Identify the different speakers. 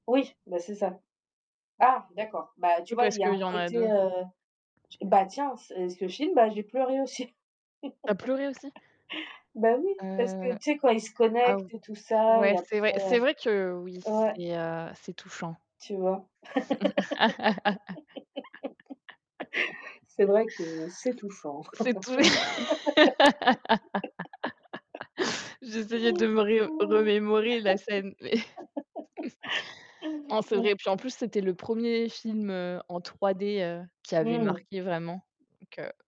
Speaker 1: Oui, bah, c'est ça. Ah, d'accord, bah, tu
Speaker 2: Oui,
Speaker 1: vois,
Speaker 2: parce
Speaker 1: il y a
Speaker 2: qu'il y
Speaker 1: un
Speaker 2: en a 2.
Speaker 1: côté, heu, bah, tiens, ce et ce film, bah, j'ai pleuré aussi.
Speaker 2: Tu as pleuré aussi?
Speaker 1: Bah, oui, parce que
Speaker 2: Heu,
Speaker 1: tu sais, quand ils se
Speaker 2: ah
Speaker 1: connectent
Speaker 2: ou
Speaker 1: et tout ça,
Speaker 2: ouais,
Speaker 1: et
Speaker 2: c'est vrai.
Speaker 1: après,
Speaker 2: C'est vrai que, oui,
Speaker 1: heu, ouais.
Speaker 2: c'est, heu, c'est touchant.
Speaker 1: Tu vois? C'est vrai que c'est touchant!
Speaker 2: C'est tous les j'essayais de me ri remémorer la scène, mais non, c'est vrai
Speaker 1: Ouais
Speaker 2: et puis en plus, c'était le 1er film, heu, en 3D, heu, qui
Speaker 1: Mmh
Speaker 2: avait
Speaker 1: mh.
Speaker 2: marqué vraiment, donc heu